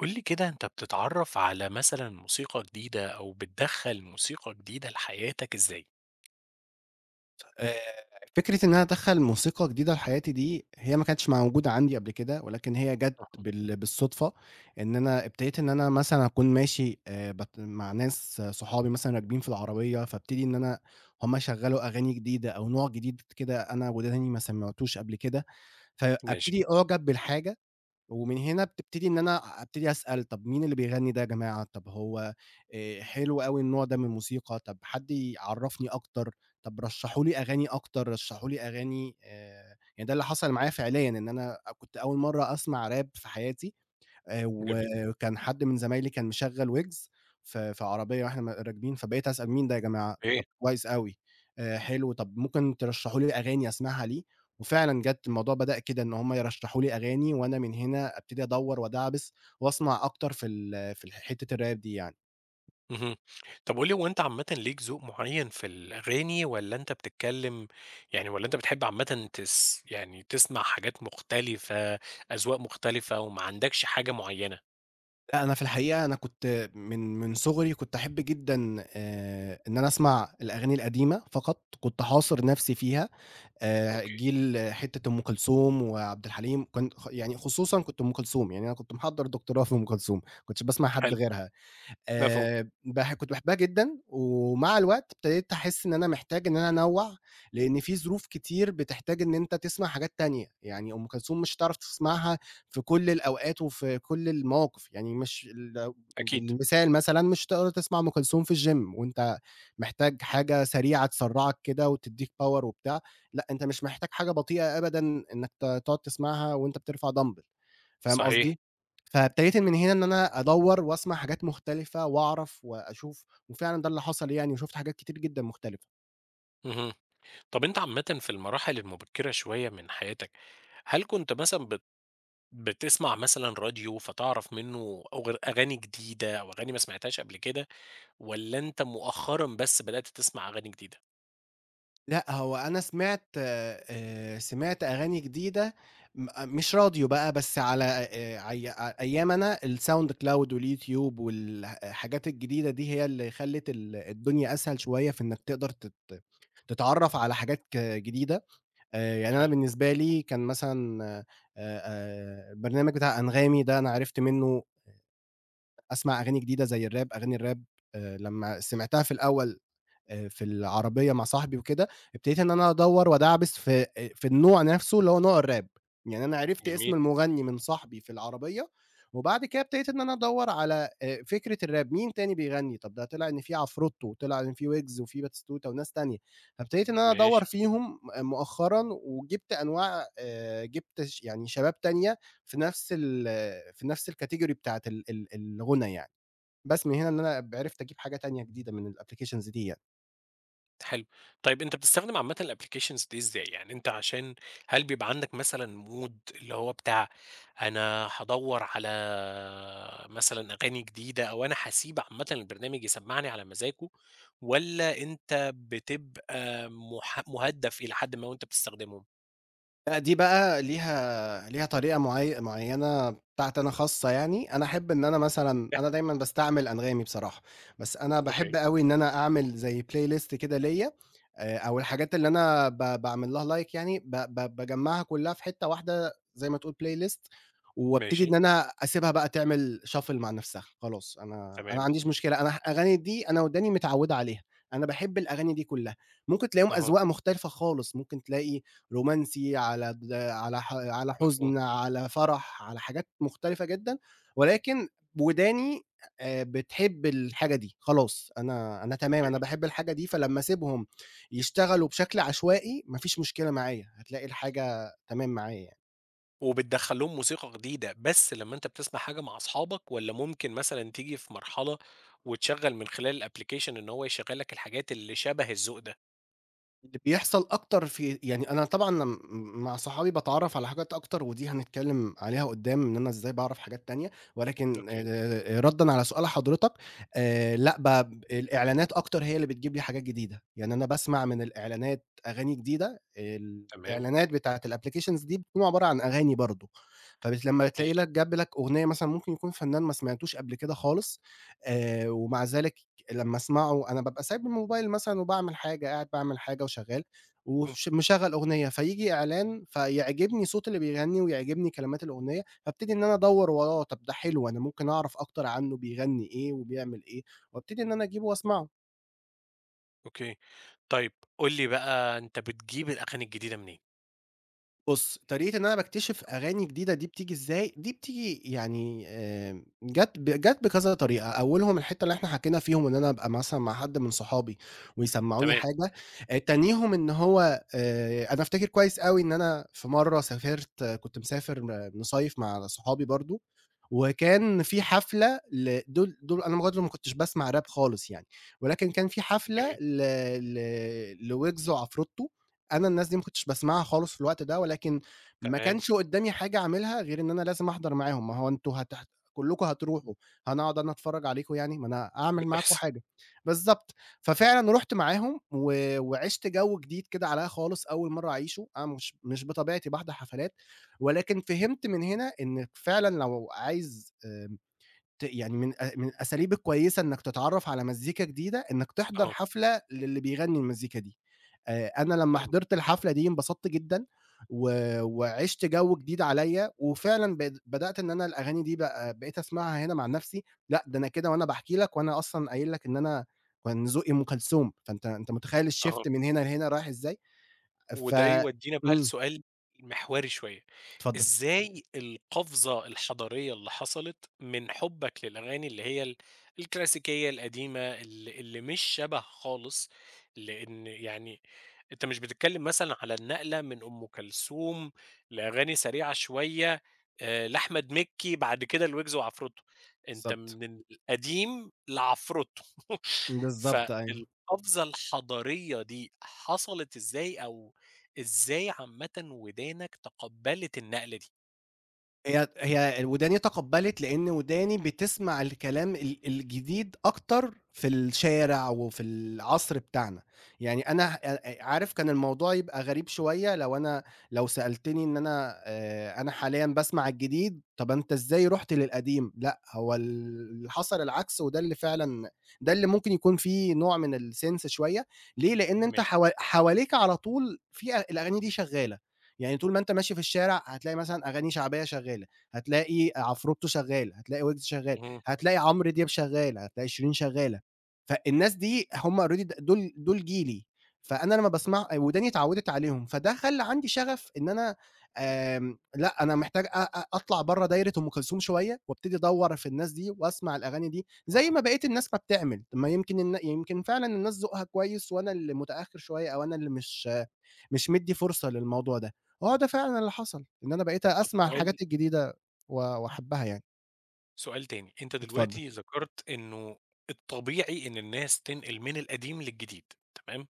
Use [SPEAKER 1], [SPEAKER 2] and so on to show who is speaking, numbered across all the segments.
[SPEAKER 1] قُل لي كده أنت بتتعرف على مثلًا موسيقى جديدة أو بتدخّل موسيقى جديدة لحياتَك إزاي؟
[SPEAKER 2] آآ، فكرة إن أنا أدخّل موسيقى جديدة في حياتي دي هي ما كانتش موجودة عندي قبل كده، ولكن هي جَات
[SPEAKER 1] صح.
[SPEAKER 2] بال بالصدفة إن أنا ابتديت إن أنا مثلًا أكون ماشي آآ بت مع ناس صحابي مثلًا راكبين في العربية، فابتدي إن أنا هُم يشغلوا أغاني جديدة أو نوع جديد كده أنا وداني ما سمعتوش قبل كده، فأبتدي
[SPEAKER 1] ماشي.
[SPEAKER 2] أُعجَب بالحاجة، ومن هنا بتبتدي إن أنا أبتدي أسأل طَب مين اللي بيغني ده يا جماعة؟ طَب هو آآ، حلو أوي النوع ده من الموسيقى طَب حد يعرفني أكتر طَب رشحوا لي أغاني أكتر، رشحوا لي أغاني آآ، يعني ده اللي حصل معايا فعليًا إن أنا كنت أول مرّة أسمع Rap في حياتي آآ،
[SPEAKER 1] جميل.
[SPEAKER 2] وكان حد من زمايلي كان مشغّل ويجز في في عربية وإحنا راكبين فبقيت أسأل مين ده يا جماعة؟
[SPEAKER 1] إيه؟
[SPEAKER 2] طَب كويس أوي، آآ حلو، طَب ممكن ترشحوا لي أغاني أسمعها ليه؟ وفعلا جَات الموضوع بدأ كده إن هُم يرشحوا لي أغاني وأنا من هنا أبتدي أدوّر وادعبس وأسمع أكتر في ال في حتّة الRap دي يعني.
[SPEAKER 1] اهم، طَب قُل لي هو أنت عامةً ليك ذوق معيّن في الأغاني، والّا أنت بتتكلم يعني والّا أنت بتحب عامةً تس يعني تسمع حاجات مختلفة، أذواق مختلفة، وما عندكش حاجة معيّنة؟
[SPEAKER 2] أنا في الحقيقة أنا كنت من من صغري كنت أحب جدًا آآ، إن أنا أسمع الأغاني القديمة فقط، كنت حاصر نفسي فيها، آآ
[SPEAKER 1] أوكي.
[SPEAKER 2] جيل حتّة أم كلثوم وعبد الحليم كان يعني خصوصًا كنت أم كلثوم يعني أنا كنت محضّر دكتوراه في أم كلثوم، ما كنتش باسمع حد
[SPEAKER 1] حلو.
[SPEAKER 2] غيرها
[SPEAKER 1] مفهوم.
[SPEAKER 2] آآ، باح كنت باحبها جدًا ومع الوقت ابتديت احس إن أنا محتاج إن أنا أنوّع، لإن في ظروف كتير بتحتاج إن أنت تسمع حاجات تانية، يعني أم كلثوم مش هتعرف تسمعها في كُل الأوقات وفي كُل المواقف، يعني مش ال
[SPEAKER 1] أكيد.
[SPEAKER 2] المثال مثلًا مش هتقدر تسمع أم كلثوم في الgym وأنت محتاج حاجة سريعة تسرعك كده وتدّيك power وبتاع لأ، أنت مش محتاج حاجة بطيئة أبدًا إنَّك ت تقعد تسمعها وأنت بترفع دامبل فاهم
[SPEAKER 1] صحيح.
[SPEAKER 2] قصدي، فابتديت من هنا إن أنا أدوّر وأسمع حاجات مختلفة وأعرف وأشوف، وفعلًا ده اللي حصل يعني وشُفت حاجات كتير جدًا مختلفة.
[SPEAKER 1] اهم، طَب أنت عامةً في المراحل المبكرة شوية من حياتَك، هل كنت مثلًا بت بتسمع مثلًا راديو فتعرف منّه أغ أغاني جديدة أو أغاني ما سمعتهاش قبل كده، والّا أنت مؤخرًا بس بدأت تسمع أغاني جديدة؟
[SPEAKER 2] لأ، هو أنا سمعت آآ، سمعت أغاني جديدة م مش راديو بقى بس على آآ، أي أيامي أنا sound cloud واليوتيوب والحاجات الجديدة دي، هي اللي خلّت الدنيا أسهل شوية في إنَّك تقدر تت تتعرف على حاجات جديدة آآ، يعني أنا
[SPEAKER 1] حلو.
[SPEAKER 2] بالنسبة لي كان مثلًا آآ آآ البرنامج بتاع أنغامي ده أنا عرفت منّه أسمع أغاني جديدة زي الراب أغاني الراب آآ لمّا سمعتها في الأول في العربية مع صاحبي وكده، ابتديت إن أنا أدوّر وأدعبس في في النوع نفسْه اللي هو نوع الراب، يعني أنا عرفت اسم
[SPEAKER 1] جميل.
[SPEAKER 2] المغني من صاحبي في العربية وبعد كده ابتديت إن أنا أدوّر على آآ، فكرة الراب مين تاني بيغني طَب ده طلع إن في عفرُتو وطلع إن في ويجز وفي باتيستوتا وناس تانية، فابتديت إن أنا أدوّر
[SPEAKER 1] ماشي.
[SPEAKER 2] فيهم م مؤخرًا وجِبت أنواع آآ، جِبت ش يعني شباب تانية في نفس ال في نفس الcategory بتاعة ال ال الغُنى يعني، بس من هنا إن أنا عرفت أجيب حاجة تانية جديدة من الapplications دي يعني.
[SPEAKER 1] حلو، طيب أنت بتستخدم عامةً الapplications دي إزاي يعني أنت عشان هل بيبقى عندك مثلًا mood اللي هو بتاع أنا هادوّر على مثلًا أغاني جديدة أو أنا حاسيب عامةً البرنامج يسمّعني على مزاجه والّا أنت بتبقى مح مُهدّف إلى حدٍ ما وأنت بتستخدمهم؟
[SPEAKER 2] لأ، دي بقى ليها ليها طريقة معي معيّنة بتاعتي أنا خاصة يعني، أنا أحب إن أنا مثلًا
[SPEAKER 1] [unintelligible]
[SPEAKER 2] أنا دايمًا باستعمل أنغامي بصراحة، بس أنا
[SPEAKER 1] أوكي.
[SPEAKER 2] باحب أوي إن أنا أعمل زي playlist كده ليّا آآ، أو الحاجات اللي أنا ب باعمل لها like يعني ب ب باجمّعها كلّها في حتّة واحدة زي ما تقول playlist وابتدي
[SPEAKER 1] ماشي.
[SPEAKER 2] إن أنا أسيبها بقى تعمل shuffle مع نَفْسها خلاص أنا أنا ما
[SPEAKER 1] تمام.
[SPEAKER 2] عنديش مشكلة أنا ه الأغاني دي أنا وداني متعوّد عليها، أنا باحب الأغاني دي كلّها ممكن تلاقيهم
[SPEAKER 1] أها.
[SPEAKER 2] أزواق مختلفة خالص، ممكن تلاقي رومانسي على د على ح على
[SPEAKER 1] مفهوم.
[SPEAKER 2] حزن على فرح على حاجات مختلفة جدًا ولكن وداني آآ بتحب الحاجة دي خلاص أنا أنا تمام أنا
[SPEAKER 1] أوكي.
[SPEAKER 2] باحب الحاجة دي فلمّا اسيبهم يشتغلوا بشكل عشوائي ما فيش مشكلة معايا هتلاقي الحاجة تمام معايا يعني.
[SPEAKER 1] وبتدخّل لهم موسيقى جديدة، بس لمّا أنت بتسمع حاجة مع أصحابك والّا ممكن مثلًا تيجي في مرحلة، وتشغّل من خلال الأبلكيشن إنه هو يشغل لك الحاجات اللي شبه الذوق ده؟
[SPEAKER 2] اللي بيحصل أكتر في يعني أنا طبعًا أنا م مع صحابي باتعرّف على حاجات أكتر ودي هنتكلّم عليها قُدّام إن أنا إزاي باعرف حاجات تانية، ولكن آآ
[SPEAKER 1] أوكي.
[SPEAKER 2] آآ ردًا على سؤال حضرتك، آآ لأ ب الإعلانات أكتر هي اللي بتجيب لي حاجات جديدة، يعني أنا باسمع من الإعلانات أغاني جديدة آآ،
[SPEAKER 1] تمام.
[SPEAKER 2] الإعلانات بتاعة الapplications دي بتكون عبارة عن أغاني برضو، فب لمّا تلاقي
[SPEAKER 1] ماشي.
[SPEAKER 2] لك جاب لك أغنية مثلًا ممكن يكون فنان ما سمعتوش قبل كده خالص، آآ، ومع ذلك لمّا أسمعه أنا بابقى سايب بالموبايل مثلًا وباعمل حاجة قاعد باعمل حاجة وشغال،
[SPEAKER 1] امم.
[SPEAKER 2] وش مشغل أغنية فييجي إعلان فيعجبني صوت اللي بيغني ويعجبني كلمات الأغنية، فابتدي إن أنا أدوّر وراه، طَب ده حلو أنا ممكن أعرف أكتر عنه بيغني إيه وبيعمل إيه، وأبتدي إن أنا أجيبه وأسمعه.
[SPEAKER 1] أوكي، طيّب قُل لي بقى أنت بتجيب الأغاني الجديدة منين؟
[SPEAKER 2] بُص، طريقة إن أنا باكتشف أغاني جديدة دي بتيجي إزاي، دي بتيجي يعني آمم، جات، جات بكذا طريقة أولهم الحتّة اللي إحنا حكينا فيهم إن أنا أبقى مثلًا مع حد من صحابي، ويسمعوني
[SPEAKER 1] تمام.
[SPEAKER 2] حاجة، آآ، تانيهم إن هو آآ، أنا أفتكر كويّس أوي إن أنا في مرّه سافرت كُنت مسافر م مِصيّف مع صحابي برضو، وكان في حفلة لدُول دول أنا برضو ما كُنتش باسمع راب خالص يعني، ولكن كان في حفلة
[SPEAKER 1] أوكي.
[SPEAKER 2] ل ل لويجز وعفرتو، أنا الناس دي ما كُنتش باسمعها خالص في الوقت ده ولكن، ما
[SPEAKER 1] تمام.
[SPEAKER 2] كانش قدامي حاجة أعملها غير إن أنا لازم أحضر معاهم، ما هو أنتم هتح كلّكم هتروحوا، أنا هاقعد أنا أتفرج عليكم يعني، ما أنا أعمل معاكم
[SPEAKER 1] بتحصل.
[SPEAKER 2] حاجة، بالضبط، ففعلًا رُحت معاهم و وعشت جو جديد كده عليّا خالص أول مرّه أعيشوا أنا مش مش بطبيعتي باحضر حفلات، ولكن فهمت من هنا إنك فعلًا لو عايز آآ، ت يعني من أ من الأساليب الكويّسة إنك تتعرف على مزيكا جديدة إنك تحضر
[SPEAKER 1] آه.
[SPEAKER 2] حفلة للي بيغني المزيكا دي، آآ، أنا لمّا
[SPEAKER 1] فاهمك.
[SPEAKER 2] حِضرت الحفلة دي انبسطت جدًا، و وعشت جو جديد عليّا وفعلًا بق بدأت إن أنا الأغاني دي بقى بقيت أسمعها هنا مع نَفْسي، لأ ده أنا كده وأنا باحكي لك وأنا أصلًا قايل لك إن أنا، كان ذوقي أُم كلثوم فأنت أنت متخيّل الshift
[SPEAKER 1] أها.
[SPEAKER 2] من هنا لهنا رايح إزاي، ف
[SPEAKER 1] وده يودينا بقى
[SPEAKER 2] امم.
[SPEAKER 1] لسؤال مِحوري شويّة،
[SPEAKER 2] اتفضل.
[SPEAKER 1] إزاي القفزة الحضارية اللي حصلت، من حبك للأغاني اللي هي ال الكلاسيكية القديمة ال اللي مش شبه خالص، لأن يعني، أنت مش بتتكلّم مثلًا على النقلة من أم كلثوم، لأغاني سريعة شوية، آآ، لأحمد مكي بعد كده لويجز وعفرتو، أنت
[SPEAKER 2] بالضبط.
[SPEAKER 1] من القديم لعفرتو،
[SPEAKER 2] بالضبط أيوه.
[SPEAKER 1] فالقفزة الحضارية دي حصلت إزاي، أو إزاي عامةّ ودانك تقبّلت النقلة دي؟
[SPEAKER 2] هي هي وداني تقبّلت لأن وداني بتسمع الكلام ال الجديد أكتر في الشارع وفي العصر بتاعنا. يعني أنا أ أ عارف كان الموضوع يبقى غريب شوية لو أنا لو سألتني إن أنا آآ أنا حاليًا باسمع الجديد، طَب أنت إزاي رُحت للقديم؟ لأ، هو اللي حصل العكس وده اللي فعلًا ده اللي ممكن يكون في نوع من الsense شوية ليه، لأن أنت
[SPEAKER 1] ماشي.
[SPEAKER 2] ح حواليك على طول في الأغاني دي شغالة يعني طول ما أنت ماشي في الشارع هتلاقي مثلًا، أغاني شعبية شغالة هتلاقي عفروتو شغال، هتلاقي ويجز شغال،
[SPEAKER 1] امم.
[SPEAKER 2] هتلاقي عمر دياب، شغال هتلاقي شيرين شغالة. فالناس دي هم already دول دول جيلي فأنا لما باسمع وداني اتعودت عليهم، فده خلى عندي شغف إن أنا آآ، لا أنا محتاج أ أ أطلع برّه دايرة أم كلثوم شوية وأبتدي أدور في الناس دي، وأسمع الأغاني دي زي
[SPEAKER 1] آه.
[SPEAKER 2] ما بقيت الناس ما بتعمل، ما يمكن يمكن فعلًا الناس ذوقها كويس وأنا اللي متأخر شوية أو أنا اللي مش مش مدي فرصة للموضوع ده، هو ده فعلًا اللي حصل، إن أنا بقيت
[SPEAKER 1] طب
[SPEAKER 2] أسمع
[SPEAKER 1] سؤال
[SPEAKER 2] الحاجات الجديدة و وأحبها يعني.
[SPEAKER 1] سؤال تاني، أنت
[SPEAKER 2] اتفضل.
[SPEAKER 1] دلوقتي ذكرت إنه الطبيعي إن الناس تنقل من القديم للجديد تمام؟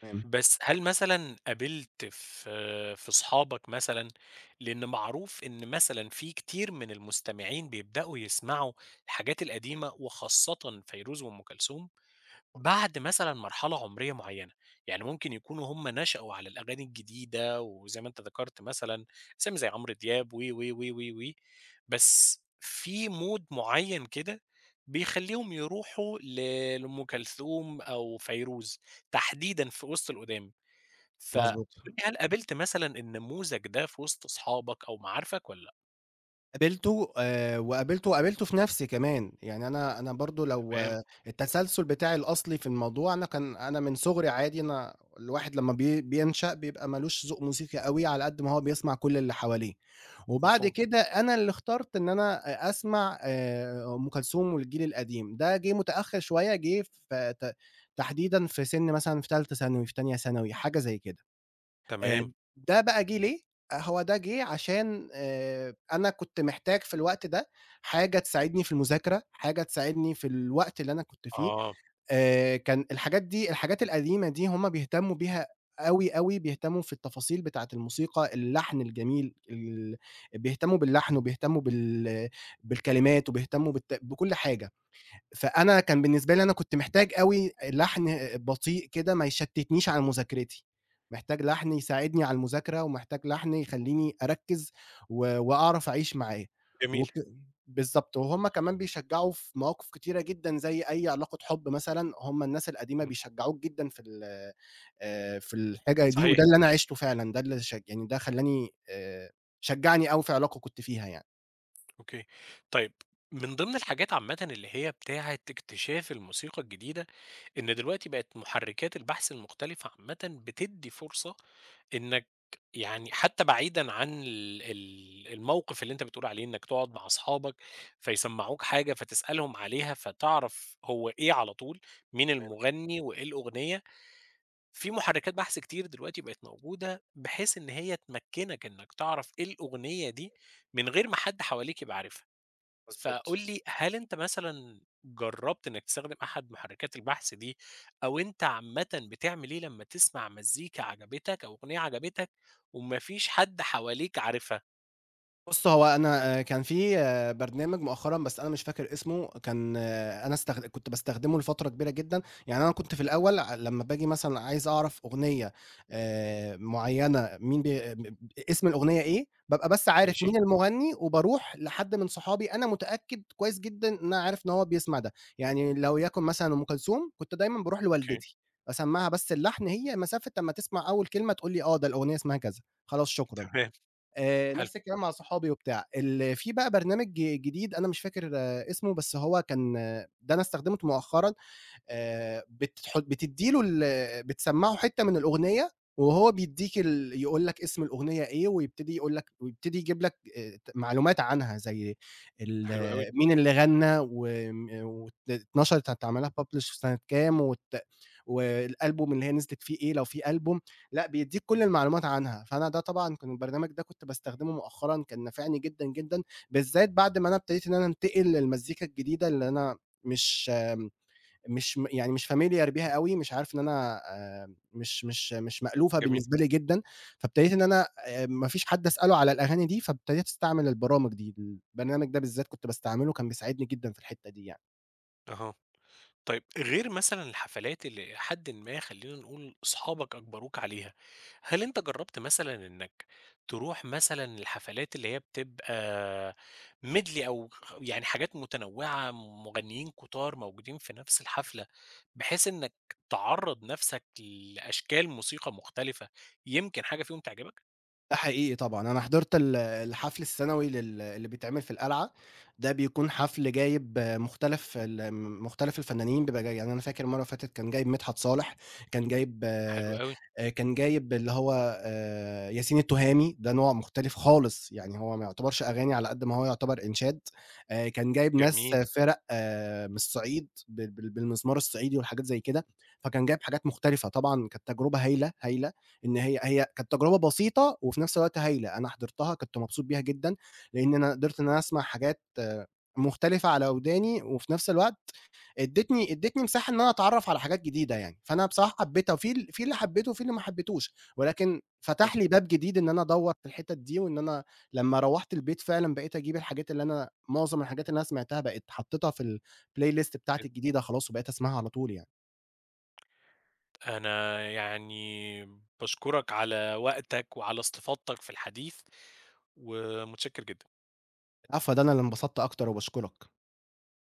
[SPEAKER 2] تمام.
[SPEAKER 1] بس هل مثلًا قابلت في في أصحابك مثلًا لأنه معروف إن مثلًا في كثير من المستمعين يبدأوا يسمعوا الحاجات القديمة وخاصة فيروز وأُم كلثوم
[SPEAKER 2] [unintelligible]
[SPEAKER 1] بعد مثلًا مرحلة عمرية معيّنة، يعني ممكن يكونوا هم نشأوا على الأغاني الجديدة وزيّ ما ذكرت مثلًا أسامي زيّ عمرو دياب و و و و وبس في مود معين كده بيخلّيهم يروحوا ل لأم كلثوم أو فيروز تحديدًا في وسط القدام، فقُل
[SPEAKER 2] مضبوط.
[SPEAKER 1] لي هل قابلت مثلًا النموذج ده في وسط أصحابك أو معارفك والّا لأ؟
[SPEAKER 2] قابلته آآ، وقابلته وقابلته في نفسي كمان يعني أنا أنا برضو لو
[SPEAKER 1] تمام.
[SPEAKER 2] التسلسل بتاعي الأصلي في الموضوع أنا كان أنا من صغري عادي أنا الواحد لمّا بين بينشأ بيبقى مالوش ذوق موسيقي أوي، على قد ما هو بيسمع كل اللي حواليه، وبعد
[SPEAKER 1] مفهوم.
[SPEAKER 2] كده أنا اللي اخترت إن أنا أسمع آآ ،أُم كلثوم والجيل القديم، ده جه متأخر شوية جه في ت تحديدًا في سن مثلًا في تالته ثانوي و في تانية ثانوي حاجة زيّ كده آآ،
[SPEAKER 1] تمام.
[SPEAKER 2] ده بقى جه ليه؟ هو ده جه عشان آآ، أنا كنت محتاج في الوقت ده حاجة تساعدني في المذاكرة، حاجة تساعدني في الوقت اللي أنا كنت فيه
[SPEAKER 1] آه.
[SPEAKER 2] آآ، كان الحاجات دي الحاجات القديمة دي هم بيهتموا بيها أوي، أوي، بيهتموا في التفاصيل بتاعة الموسيقى اللحن الجميل ال بيهتموا باللحن وبيهتموا بال بالكلمات وبيهتموا بت بكُل حاجة، فأنا كان بالنسبة لي أنا كنت محتاج أوي لحن بطيء كده ما يشتتنيش على مذاكرتي، محتاج لحن يساعدني على المذاكرة ومحتاج لحن يخلّيني أركز، و وأعرف أعيش معاه،
[SPEAKER 1] جميل.
[SPEAKER 2] وك بالضبط وهُمّ كمان بيشجعوا في مواقف كتيرة جدًا زيّ أيّ علاقة حب مثلًا هُمّ الناس القديمة
[SPEAKER 1] إمم.
[SPEAKER 2] بيشجعوك جدًا في ال آآ، في الحاجة دي
[SPEAKER 1] صحيح.
[SPEAKER 2] وده اللي أنا عشته فعلًا، ده اللي ش يعني ده خلّاني شجعني أوي في علاقة كنت فيها يعني.
[SPEAKER 1] أوكي، طيب من ضِمن الحاجات عامةً اللي هي بتاعة اكتشاف الموسيقى الجديدة، إن دلوقتي بقت محرّكات البحث المختلفة عامةً بتدّي فرصة إنّك يعني حتى بعيدًا عن ال ال الموقِف اللي أنت بتقول عليه إنّك تقعُد مع أصحابك فيسمّعوك حاجة فتسألهم عليها فتعرف هو إيه على طول، مين
[SPEAKER 2] تمام.
[SPEAKER 1] المغني وإيه الأغنية، في محركات بحث كتير دلوقتي بقت موجودة بحيث إن هي تمكّنك إنّك تعرف إيه الأغنية دي، من غير ما حد حواليك يبقى عارفها، فقُل
[SPEAKER 2] مضبوط.
[SPEAKER 1] لي هل أنت مثلًا جرّبت إنّك تستخدم أحد محرّكات البحث دي أو أنت عامةً بتعمل إيه لمّا تسمع مزّيكا عجبتك أو أغنية عجبتك وما فيش حد حواليك عارفها؟
[SPEAKER 2] بُصّ، هو أنا آآ، كان في برنامج مؤخرًا بس أنا مش فاكر اسمه كان أنا استخد كنت باستخدمه لفترة كبيرة جدًا، يعني أنا كنت في الأول أ لمّا بآجي مثلًا عايز أعرف أغنية آآ، معيّنة مين بي آآ، مب أ اسم الأغنية إيه بابقى بس عارف
[SPEAKER 1] ماشي.
[SPEAKER 2] مين المغني وباروح لحد من صحابي أنا متأكد كويس جدًا إن أنا عارف إن هو بيسمع ده، يعني لو يكن مثلًا أم كلثوم كنت دايمًا باروح
[SPEAKER 1] أوكي.
[SPEAKER 2] لوالدتي، أسمعها بس اللحن هي مسافة أمّا تسمع أول كلمة، تقول لي آه، ده الأغنية اسمها كذا خلاص شكرًا.
[SPEAKER 1] تمام.
[SPEAKER 2] آآ،
[SPEAKER 1] حلو.
[SPEAKER 2] نَفْس الكلام مع صحابي وبتاع ال في بقى برنامج جديد أنا مش فاكر اسمه بس هو كان ده أنا استخدمته مؤخرًا آآ بتت حُط بتدّي له ال بتسمعه حتّة من الأغنية وهو بيدّيك ال يقول لك اسم الأغنية إيه، ويبتدي يقول لك ويبتدي يجيب لك آآ، ت معلومات عنها زي ال
[SPEAKER 1] حلو أوي.
[SPEAKER 2] مين اللي غنى وم وأتل اتنشرت هيتعمل لها publish في سَنة كام وت والألبوم اللي هي نزلت فيه إيه لو في ألبوم لأ، بيدّيك كل المعلومات عنها، فأنا ده طبعًا كان البرنامج ده كنت باستخدمه مؤخرًا كان نافعني جدًا، جدًا بالذّات بعد ما أنا ابتديت إن أنا انتقل للمزّيكا الجديدة اللي أنا مش م مش م يعني مش familiar بيها أوي مش عارف إن أنا آمم مش مش مش مألوفة
[SPEAKER 1] جميل.
[SPEAKER 2] بالنسبة لي جدًا، فابتديت إن أنا آآ، ما فيش حد أسأله على الأغاني دي فابتديت أستعمل البرامج دي البرنامج ده بالذات كنت باستعمله كان بيساعدني جدًا في الحتّة دي يعني.
[SPEAKER 1] أها، طيب غير مثلًا الحفلات اللي إلى حدٍ ما خلّينا نقول أصحابك أجبروك عليها، هل أنت جرّبت مثلًا إنّك تروح مثلًا الحفلات اللي هي بتبقى Medley أو خ خ يعني حاجات متنوعة، م مغنيين كُتار موجودين في نَفْس الحفلة، بحيث إنّك تعرّض نَفْسك لأشكال موسيقى مختلفة، يمكن حاجة فيهم تعجبك؟
[SPEAKER 2] ده حقيقي طبعًا، أنا حضرت ال الحفل السنوي لل اللي بتعمل في القلعة، ده بيكون حفل جايب مختلف الم مختلف الفنانين بيبقى جاي يعني أنا فاكر المرّة اللي فاتت كان جايب مدحت صالح، كان جايب
[SPEAKER 1] حلو
[SPEAKER 2] آآ،
[SPEAKER 1] أوي.
[SPEAKER 2] كان جايب اللي هو آآ، ياسين التُهامي، ده نوع مختلف خالص، يعني هو ما يُعتبرش أغاني على قد ما هو يُعتبر إنشاد آآ، كان جايب ناس
[SPEAKER 1] جميل.
[SPEAKER 2] فِرَق من الصعيد بال بال بالمزمار الصعيدي والحاجات زي كده، فكان جايب حاجات مختلفة. طبعًا كانت تجربة هايلة، هايلة إن هي هي كانت تجربة بسيطة وفي نَفْس الوقت هايلة، أنا حضرتها كنت مبسوط بيها جدًا، لإن أنا قدرت إن أنا أسمع حاجات مختلفة على وداني وفي نَفْس الوقت ادتني ادتني مساحة إن أنا اتعرّف على حاجات جديدة يعني، فأنا بصراحة حبيتها في ال في اللي حبيته وفي اللي ما حبيتوش، ولكن
[SPEAKER 1] هُم
[SPEAKER 2] فتح لي باب جديد إن أنا أدوّر في الحتت دي وإن أنا لمّا روّحت البيت فعلًا بقيت أجيب الحاجات اللي أنا معظم الحاجات اللي أنا سمعتها بقيت حطّيتها في الplaylist
[SPEAKER 1] [unintelligible]
[SPEAKER 2] بتاعتي الجديدة خلاص وبقيت أسمعها على طول يعني.
[SPEAKER 1] أنا يعني باشكرك على وقتك، وعلى استفاضتك في الحديث، ومتشكّر جدًا.
[SPEAKER 2] العفو، ده أنا اللي انبسطت أكتر وباشكرك.